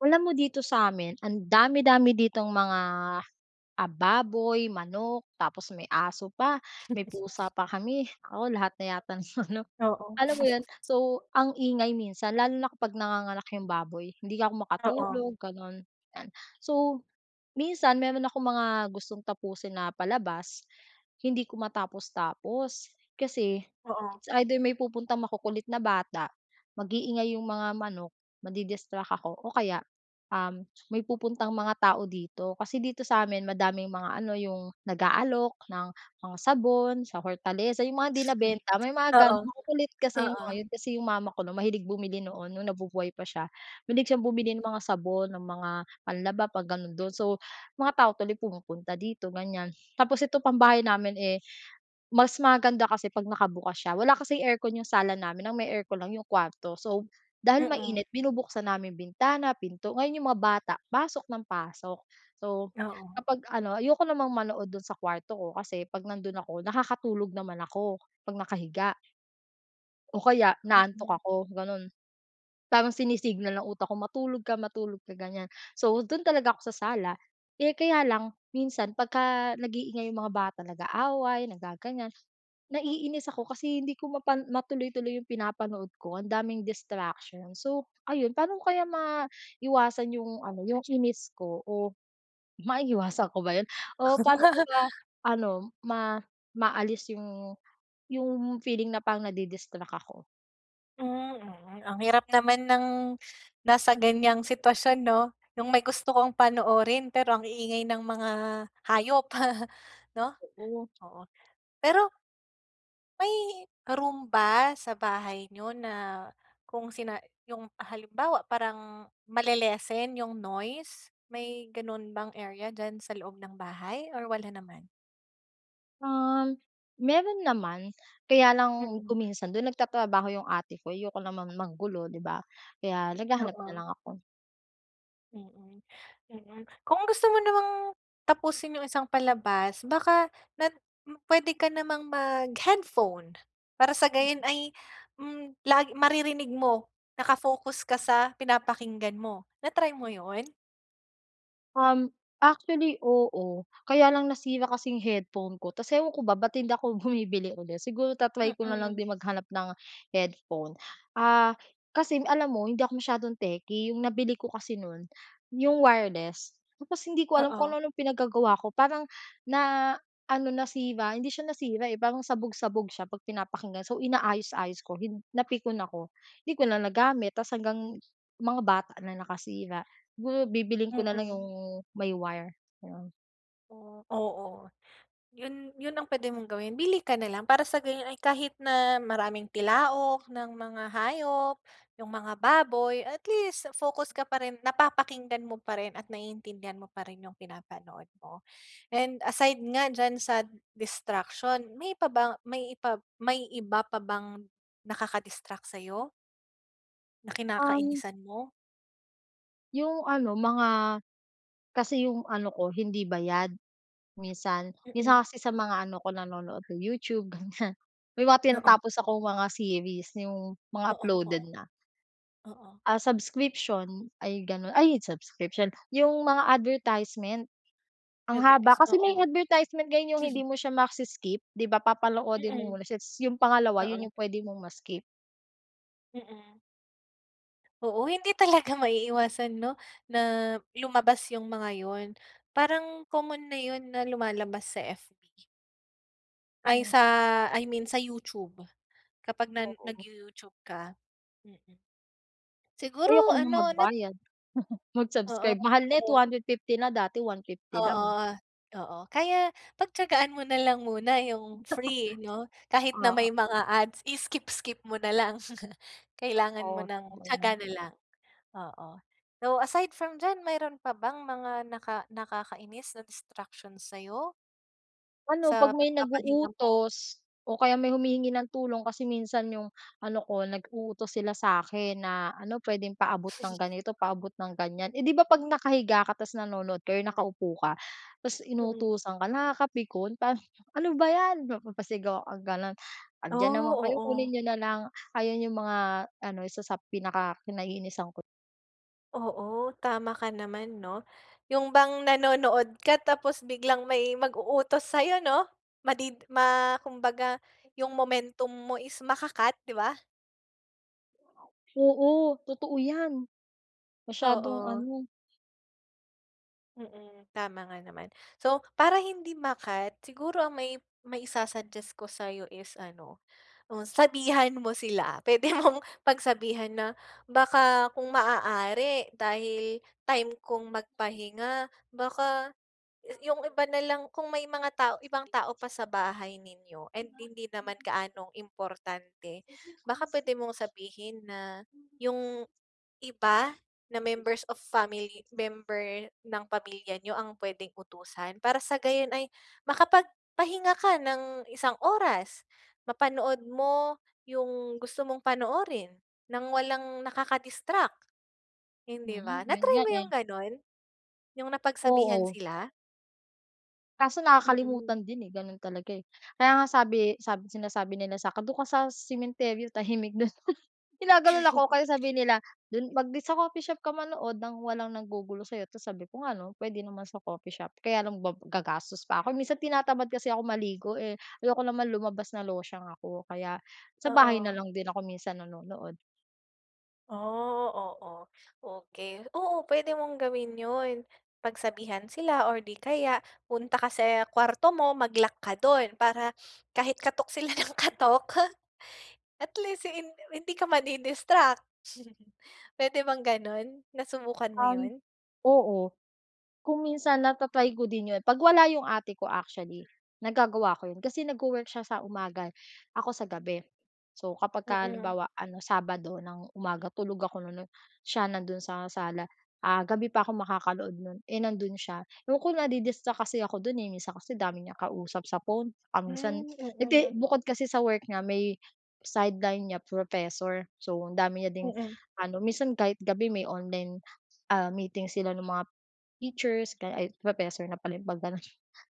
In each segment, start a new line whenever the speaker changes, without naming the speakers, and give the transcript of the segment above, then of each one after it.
Alam mo dito sa'min, ang dami-dami ditong mga, ah, baboy, manok, tapos may aso pa, may pusa pa kami. Naku, lahat na yata ng ano,
Oo.
alam mo yun, so, ang ingay minsan lalo na kapag nanganganak yung baboy hindi ako
Oo.
makatulog, ganun, yan. So, minsan meron akong mga gustong tapusin na palabas, hindi ko matapos-tapos kasi,
Oo.
it's either, may pupuntang makukulit na bata, mag-iingay yung mga manok, madi-distract ako, o kaya, um, may pupuntang mga tao dito. Kasi dito sa'min madaming mga ano, yung nag-aalok ng mga sabon, sa Hortaleza, yung mga hindi nabenta, may mga ganun.
Oo,
Makukulit kasi yung mga
oo.
yun, kasi yung mama ko, 'no, mahilig bumili noon, nung nabubuhay pa siya. Mahilig siyang bumili ng
Mm.
mga sabon, ng mga panlaba, 'pag ganun, dun. So, mga tao tuloy pumupunta dito ganyan. Tapos eto pang bahay namin eh, mas maganda kasi 'pag nakabukas siya, wala kasing aircon yung sala namin, ang may aircon lang yung kuwarto. So, dahil
Mm.
mainit binubuksan namin bintana, pinto, ngayon yung mga bata, pasok ng pasok. So,
Oo.
kapag ano, ayoko namang manood dun sa kuwarto ko kasi 'pag nandun ako nakakatulog naman ako, 'pag nakahiga. O kaya inaantok
Mm.
ako, ganon. Parang sinisignal ng utak ko matulog ka, matulog ka, ganyan. So dun talaga ako sa sala, eh, kaya lang, minsan pagka nag-iingay yung mga bata nag-aaway, nagaganyan, naiinis ako kasi hindi ko mapan matuloy-tuloy yung pinapanood ko. Ang daming distraction, so, ayun. Paano kaya maiwasan yung ano, yung inis ko, o maiiwasan ko ba yun, o paano ko ba ano, ma maalis yung yung feeling na pang nadi-distract ako?
Mm, ang hirap naman ng nasa ganyang sitwasyon no? Yung may gusto kang panoorin pero ang iingay ng mga hayop no?
Oo.
Oo pero may room ba sa bahay niyo na kung sina yung halimbawa parang male-lessen yung noise? May ganun bang area diyan sa loob ng bahay or wala naman?
Ah, meron naman. Kaya lang
Mm.
kung minsan dun nag-tatrabaho yung ate ko. Ayoko naman manggulo di ba? Kaya naghahanap na
Oo.
lang ako.
Mm mm, kung gusto mo namang tapusin yung isang palabas baka na pwede ka namang mag headphone. Para sa gayon ay hmm lag maririnig mo. Naka-focus ka sa pinapakinggan mo. Na-try mo yun?
Um, actually oo. Kaya lang nasira kasi yung headphone ko. Tapos ewan ko ba ba't hindi ako bumibili ulit siguro ta-try ko na lang
Mm.
din mag-hanap ng headphone. Ah, kasing alam mo hindi ako masyadong techy. Yung nabili ko kasi nun yung wireless. Tapos hindi ko alam kung
Oo.
anu-anong pinag-gagawa ko parang na ano nasira, hindi siya nasira eh parang sabog-sabog siya pag pinapakinggan. So inaayos-ayos ko hin napikon ako hindi ko na nagamit. Tapos hanggang mga bata na nakasira. Siguro bibilhin ko na lang
Mm.
yung may wire. Ayun.
Oh, oo. 'Yon, 'yon ang puwede mong gawin. Bili ka nalang para sa gano'n ay kahit na maraming tilaok ng mga hayop, yung mga baboy, at least focus ka pa rin, napapakinggan mo pa rin at naiintindihan mo pa rin yung pinapanood mo. And aside nga diyan sa distraction, may pa ba may ipa may iba pa bang nakaka distract sa'yo? Na
Um.
kinakainisan mo?
Yung ano, mga kasi yung ano ko hindi bayad, minsan.
Mm.
Minsan kasi sa mga ano ko, nanonood ng YouTube ganiyan, may mga
Oo.
tinatapos akong mga series, yung mga
Oo, oo.
uploaded na.
Oo.
Ah, subscription, ay gano'n. Ay, subscription, yung mga advertisement, ang haba,
Advertis
kasi may
oo.
advertisement ngayon yung hindi mo siya ma-si-skip, 'di ba? Papanoodin mo
Mm.
muna siya, tapos yung pangalawa 'yon
Oo.
yung puwede mong ma-skip.
Mm. Oo. Hindi talaga maiiwasan 'no? Na lumabas yung mga 'yon. Parang common na 'yon na lumalabas sa F. Ay,
Mm.
sa, I mean sa YouTube. Kapag na
Oo.
nag-you-YouTube ka, mm.
Ayoko
Siguro
naman
ano, 'no
magbayad,
Oo,
mag-subscribe, mahal na two
oo.
hundred fifty na, dati 150
Oo,
lang.
oo. Kaya, pagtiyagaan mo na lang muna yung free 'no, kahit na
Oo.
may mga ads, i-skip-skip mo nalang. Kailangan mo
Oo,
ng
totoo yan.
tiyaga na lang, oo. So, aside from diyan mayro'n pa bang mga naka nakakainis na distraction sayo?
Ano
Sa
'pag may
pagpapahinga mo?
nag-uutos o kaya may humihingi ng tulong. Kasi minsan yung ano ko nag-uutos sila sa 'kin na ano puwedeng paabot ng ganito, paabot ng ganyan. Eh, 'di ba 'pag nakahiga ka tapos nanonood kayo nakaupo ka, tapos
Mhm.
inutusan ka, nakakapikon. Pa "Ano ba yan!" mapapasigaw kang gano'n. "Andiyan naman
Oh,
kayo, kunin
oo.
niyo na lang" ayan yung mga ano isa sa pinaka-kinaiinisan ko.
Oo, tama ka naman 'no. Yung bang nanonood ka tapos biglang may mag-uutos sa 'yo 'no? Madid ma kumbaga yung momentum mo is maka-cut, 'di ba?
Oo, totoo 'yan. Masyadong
Oo.
ano.
Mm. Tama nga naman. So para hindi ma-cut siguro ang may mai-su-suggest ko sa'yo is ano, oh, sabihan mo sila puwede mong pagsabihan na baka kung maaari dahil time kong magpahinga baka, 'yu 'yung iba na lang kung may mga tao ibang tao pa sa bahay ninyo and hindi naman gaanong importante, baka pwede mong sabihin na 'yung iba na members of family member ng pamilya niyo ang pwedeng utusan para sa gayon ay makapagpahinga ka ng isang oras, mapanood mo 'yung gusto mong panoorin nang walang nakaka-distract, hindi ba?
Mm. 'Yun
Na-try
nga
mo 'yung
eh.
ganon? 'Yung napagsabihan
Oo.
sila?
Kaso
Mm.
nakakalimutan din eh, ganon talaga eh. Kaya nga sabi sab sinasabi nila sa'kin, doon ka sa sementeryo tahimik dun. Ginaganon ako kaya sabi nila dun mag di sa coffee shop ka manood nang walang naggugulo sa'yo. Ta's sabi ko ano puwede naman sa coffee shop kaya lang ga gagastos pa ako minsan tinatamad kasi ako maligo eh, ayoko naman lumabas na losyang ako. Kaya sa bahay na
Oo.
lang din ako minsan nanonood.
Oh, oo okey, oo puwede mong gawin yun pagsabihan sila or di kaya punta ka sa kuwarto mo mag-lock ka dun para kahit katok sila ng katok at least hin hindi ka mdi-distract. Puwede bang ganon, nasubukan mo
Um,
yun?
oo, kung minsan na ta-ry ko din 'yon 'pag wala 'yong ate ko actually nagagawa ko 'yon kasi nagwo-work siya sa umaga, ako sa gabi. So, kapag ka
Mm.
halimbawa ano, Sabado ng umaga tulog ako nun siya nandoon sa sala, ah, gabi pa ako makakanood no'n, eh, nandoon siya ayoko nadi-distract kasi ako do'n, eh, minsan kasi dami niyang kausap sa phone, um, minsan
Hmm,
hindi
mm.
bukod kasi sa work niya may sideline niya professor. So, ang dami niya ding
Mm.
ano minsan kahit gabi may online, ah, meeting sila ng mga teachers professor na pala yun pag ganon,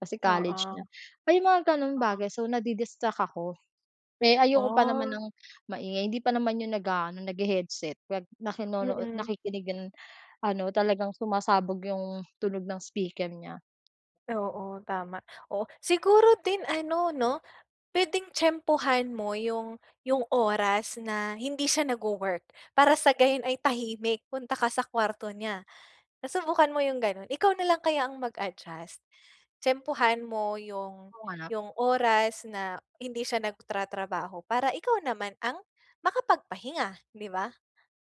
kasi college na
Oo.
may mga ganong
Oo.
bagay. So nadi-distract ako, eh, ayoko pa naman
Oh.
ng maingay hindi pa naman yun nag-aano naghe-headset kaya nakinuno
Mm.
nakikinig ano talagang sumasabog yung tunog ng speaker niya.
Oo, tama. Oo. Siguro din ano, 'no? Pwedeng tiyempuhan mo 'yung 'yung oras na hindi siya nagwo-work. Para sa gayon ay tahimik, punta ka sa kwarto niya. Nasubukan mo 'yung gano'n? Ikaw na lang kaya ang mag-adjust? Tiyempuhan mo 'yung
Kung hanap
'yung oras na hindi siya nagtra-trabaho para ikaw naman ang makapagpahinga, 'di ba?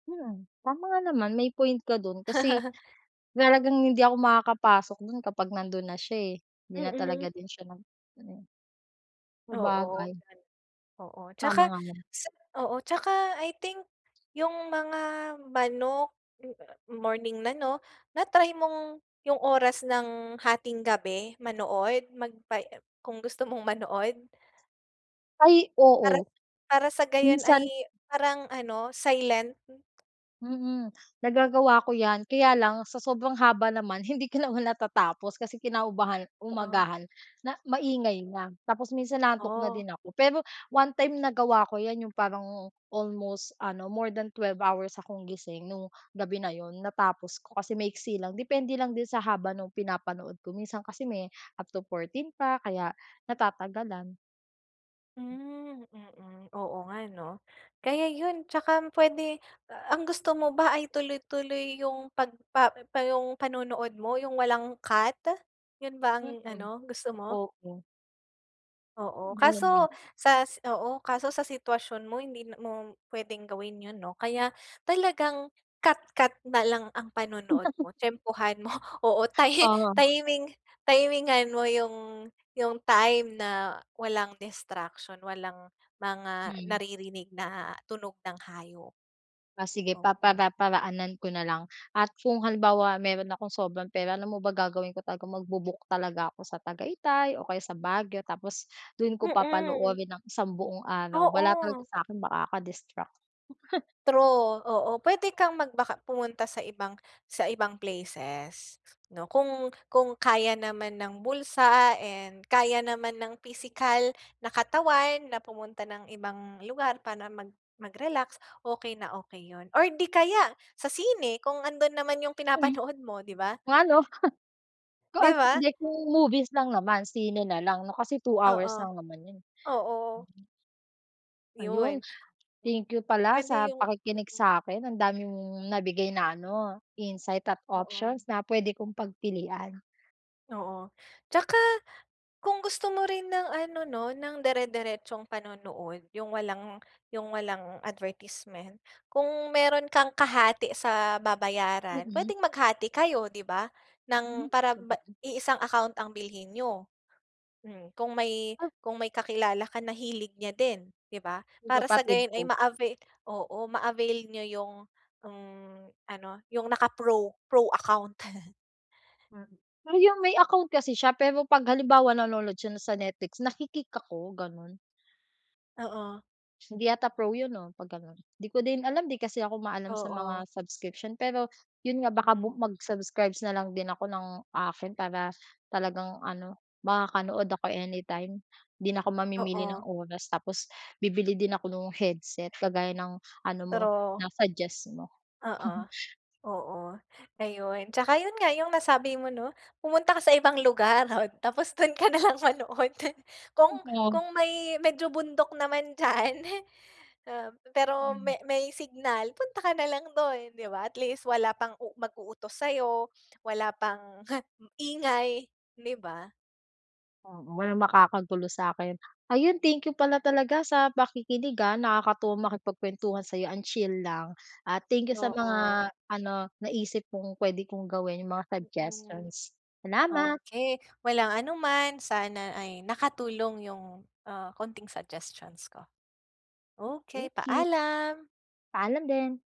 Mm, tama nga naman. May point ka dun. Kasi talagang hindi ako makakapasok dun kapag nandun na siya eh. Hindi na
Mm.
talaga din siya nag-ano.
Oo.
Sabagay.
Oo,
Tama
tsaka,
nga naman.
sa oo, tsaka I think 'yung mga manok, morning na, 'no? Na-try mong 'yung oras ng hatinggabi manood, magpa em, kung gusto mong manood?
Ay,
Para
oo.
para sa gayon
Minsan
ay parang ano, silent.
mm, nagagawa ko yan. Kaya lang sa sobrang haba naman hindi ko naman natatapos. Kasi kinaumagahan
O, ah
umagahan na, maingay na. Tapos minsan inaantok na
Ah.
din ako. Pero one-time nagawa ko 'yan, 'yung parang almost ano, more than 12 hours akong gising noong gabi na 'yon. Natapos ko kasi maiksi lang. Depende lang din sa haba nung pinapanood ko, minsan kasi may up to 14 pa kaya natatagalan.
Hmm mm, oo nga no? Kaya yun. Tsaka m pwede a ang gusto mo ba ay tuloy-tuloy yung pagpa pa yung panonood mo yung walang cut? Yun ba ang
Mm.
ano gusto mo?
Opo.
Oo.
Ganun
Kaso
nga.
sa s oo. Kaso sa sitwasyon mo hindi na mo pwedeng gawin yun no? Kaya talagang cut-cut na lang ang panonood mo, tiyempohan mo Oo ti
Oo.
timing timingan mo yung yung time na walang distraction, walang mga
Hmm.
naririnig na tunog ng hayop.
Ah sige
Oo.
papara-paraanan ko na lang. At kung halimbawa meron akong sobrang pera alam mo ba gagawin ko? Talagang magbu-book talaga ako sa Tagaytay, o kaya sa Baguio. Tapos dun ko
Mm.
papanoorin ang isang buong araw. Wala talaga
Oo.
sakin makaka-distract.
True, oo. Pwede kang magbaka pumunta sa ibang sa ibang places no? Kung kung kaya naman ng bulsa and kaya naman ng pisikal na katawan na pumunta ng ibang lugar para mag mag-relax okey na okey yun. Or di kaya sa sine kung andon naman yung
Hmm.
pinapanood mo di ba?
'Nga no? Ku
Di
at
ba?
hindi kung movies lang naman, sine nalang no. Kasi 2 hours
Oo.
lang naman yun.
Oo.
Ayun.
'Yun.
Thank you pala
Pwede
sa
yung
pakikinig
mm.
sa'kin. Ang dami mong nabigay na ano, insight at
Oo.
options na pwede kong pagpilian.
Oo. Tsaka kung gusto mo rin ng ano 'no, ng dire-diretsong panonood, yung walang yung walang advertisement, kung meron kang kahati sa babayaran,
Mm.
pwedeng maghati kayo, 'di ba?
Hmm
Ng para ba
sabagay.
iisang account ang bilhin niyo, hmm. Kung may, kung may kakilala ka na hilig niya din, 'di ba?
'Yung
Para sa
kapatid
gayon ay
ko.
ma-avail oo, ma-avail niyo yung, mm, ano yung naka-pro, pro account.
Mm. Ah 'Yung may account kasi siya pero 'pag halimbawa nanonood siya na sa Netflix, naki-kick ako, ganon.
Oo.
Hindi yata pro 'yun 'no 'pag ganon. Hindi ko din alam, 'di kasi ako maalam sa mga
Oo.
subscription pero 'yun nga, baka bu
Mhm.
mag-subscribes na lang din ako ng akin para talagang ano makakanood ako anytime. 'Di na ako mamimili ng
Oo.
oras tapos bibili din ako nung headset kagaya ng ano mo,
Pero
na-suggest mo.
Oo, oo, ayon. Tsaka 'yun nga 'yung nasabi mo 'no, pumunta ka sa ibang lugar at tapos dun ka nalang manood. Kung
[unintelligible]
kung may medyo bundok naman diyan, eh, ah pe pero
Hmm.
may may signal, punta ka na lang dun, 'di ba? At least wala pang u mag-uutos sa'yo, wala pang, ingay 'di ba?
Oo walang makakagulo sa'kin. Ayun thank you pala talaga sa pakikinig ah, nakakatuwa makipagkwentuhan sa'yo ang chill lang. Ah thank you sa
Oo.
mga ano, naisip mong pwede kong gawin, yung mga
Mm.
suggestions. Salamat.
Okey walang anuman. Sana ay nakatulong 'yung, ah, konting suggestions ko. Okey
Okey.
paalam.
Paalam din.